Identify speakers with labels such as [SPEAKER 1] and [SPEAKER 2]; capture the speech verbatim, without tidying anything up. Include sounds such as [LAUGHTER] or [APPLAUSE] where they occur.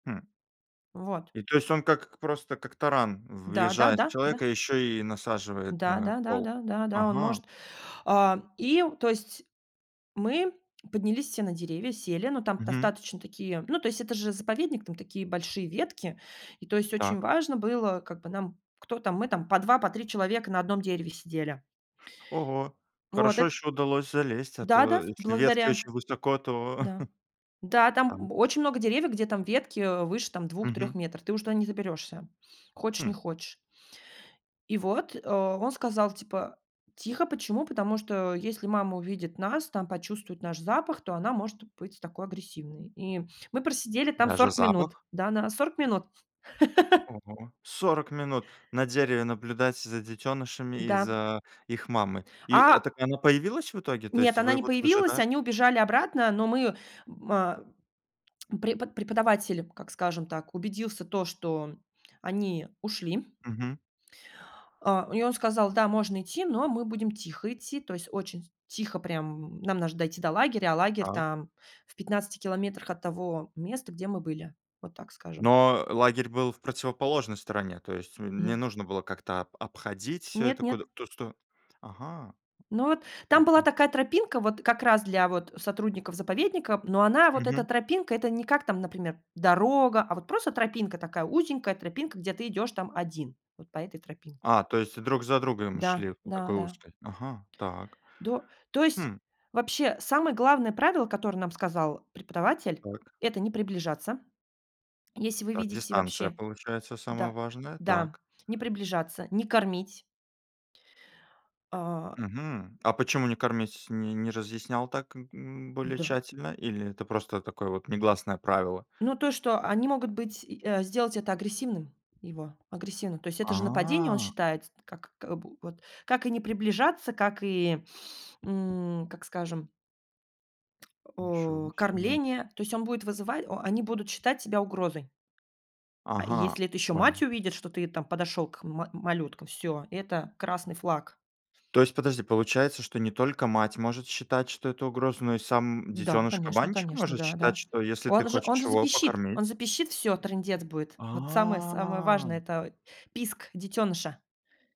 [SPEAKER 1] Хм.
[SPEAKER 2] Вот.
[SPEAKER 1] И то есть он как к просто, как таран
[SPEAKER 2] Да да
[SPEAKER 1] въезжает в
[SPEAKER 2] да да.
[SPEAKER 1] человека и еще и насаживает
[SPEAKER 2] Да
[SPEAKER 1] на
[SPEAKER 2] да да
[SPEAKER 1] кол.
[SPEAKER 2] да да да, он
[SPEAKER 1] Ага.
[SPEAKER 2] может. А, и то есть, мы поднялись все на деревья, сели, ну, там
[SPEAKER 1] Мгм.
[SPEAKER 2] достаточно такие ну, то есть это же заповедник, там такие большие ветки, и то есть, очень
[SPEAKER 1] Так.
[SPEAKER 2] важно было как бы, нам кто там, мы там по два, по три человека на одном дереве сидели.
[SPEAKER 1] Ого!
[SPEAKER 2] Вот
[SPEAKER 1] Хорошо,
[SPEAKER 2] эт
[SPEAKER 1] еще удалось залезть, а
[SPEAKER 2] Да-да,
[SPEAKER 1] то
[SPEAKER 2] в
[SPEAKER 1] если ветки
[SPEAKER 2] благодаря
[SPEAKER 1] очень высоко, то
[SPEAKER 2] Да.
[SPEAKER 1] [CHUCKLES]
[SPEAKER 2] Да,
[SPEAKER 1] там
[SPEAKER 2] там б очень много деревьев, где там ветки, э, выше там двух трех
[SPEAKER 1] Мгм.
[SPEAKER 2] метров. Ты уже туда не заберешься, хочешь,
[SPEAKER 1] Хм.
[SPEAKER 2] не хочешь. И вот, э, он сказал, типа: "Тихо, почему? Потому что если мама увидит нас, там почувствует наш запах, то она может быть такой агрессивной". И мы просидели там
[SPEAKER 1] Даже
[SPEAKER 2] сорок минут.
[SPEAKER 1] запах?
[SPEAKER 2] Да, на сорок минут. [LAUGHS]
[SPEAKER 1] Ого, сорок минут на дереве наблюдать за детёнышами и
[SPEAKER 2] Да.
[SPEAKER 1] за их мамой! И, э,
[SPEAKER 2] А
[SPEAKER 1] так она появилась в итоге? То
[SPEAKER 2] Нет,
[SPEAKER 1] есть
[SPEAKER 2] она
[SPEAKER 1] вы
[SPEAKER 2] не
[SPEAKER 1] вот
[SPEAKER 2] появилась.
[SPEAKER 1] выжидали?
[SPEAKER 2] Они убежали обратно, но мы, м, а, препод преподаватель, как скажем так, убедился то, что они ушли
[SPEAKER 1] Мгм.
[SPEAKER 2] а, и он сказал: "Да, можно идти, но мы будем тихо идти". То есть очень тихо прям, нам наж дойти до лагеря, а лагерь
[SPEAKER 1] Так.
[SPEAKER 2] там в пятнадцати километрах от того места, где мы были, вот так скажем.
[SPEAKER 1] Но лагерь был в противоположной стороне. То есть не
[SPEAKER 2] Мгм.
[SPEAKER 1] нужно было как-то об обходить это
[SPEAKER 2] Нет-нет.
[SPEAKER 1] куда-то сто ага.
[SPEAKER 2] Но вот, там
[SPEAKER 1] Ой
[SPEAKER 2] была
[SPEAKER 1] пе
[SPEAKER 2] такая тропинка, вот как раз для вот сотрудников заповедника, но она вот эта
[SPEAKER 1] Мгм.
[SPEAKER 2] тропинка- это не как там, например, дорога,- а вот просто тропинка, такая узенькая тропинка, где ты идешь там один вот по этой тропинке.
[SPEAKER 1] А, то есть друг за другом шли
[SPEAKER 2] Да,
[SPEAKER 1] вот по такой
[SPEAKER 2] да-да.
[SPEAKER 1] узкой? Ага, так.
[SPEAKER 2] До То есть,
[SPEAKER 1] Хм.
[SPEAKER 2] вообще, самое главное правило, которое нам сказал преподаватель,-
[SPEAKER 1] Так.
[SPEAKER 2] это не приближаться. Если вы
[SPEAKER 1] Так,
[SPEAKER 2] видите
[SPEAKER 1] дистанция,
[SPEAKER 2] вообще
[SPEAKER 1] получается, самое
[SPEAKER 2] да,
[SPEAKER 1] важное, так.
[SPEAKER 2] да, не приближаться, не кормить. А
[SPEAKER 1] Мгм. А почему не кормить, не не разъяснял так, м м, более
[SPEAKER 2] Да.
[SPEAKER 1] тщательно? Или это просто такое вот негласное правило?
[SPEAKER 2] Ну то, что они могут быть и, э, сделать это агрессивным его, агрессивным. То есть это же нападение, он
[SPEAKER 1] А.
[SPEAKER 2] считает, с как к бу вот как и не приближаться, как и, м, как скажем
[SPEAKER 1] Ничего
[SPEAKER 2] о,
[SPEAKER 1] себе.
[SPEAKER 2] кормление. То есть он будет вызывать о они будут считать тебя угрозой. А
[SPEAKER 1] Ага,
[SPEAKER 2] если это еще мать
[SPEAKER 1] понял.
[SPEAKER 2] увидит, что ты там подошел к ма малюткам,- всё, это красный флаг.
[SPEAKER 1] То есть подожди, получается, что не только мать может считать, что это угроза, но и сам
[SPEAKER 2] Да, конечно
[SPEAKER 1] детёныш-кабанчик
[SPEAKER 2] конечно,
[SPEAKER 1] может считать,
[SPEAKER 2] да-да.
[SPEAKER 1] что если ты
[SPEAKER 2] Он же он
[SPEAKER 1] хочешь
[SPEAKER 2] же
[SPEAKER 1] его
[SPEAKER 2] запищит,
[SPEAKER 1] покормить
[SPEAKER 2] он запищит, всё, трындец будет. Вот самое самое важное-
[SPEAKER 1] А.
[SPEAKER 2] это писк детёныша.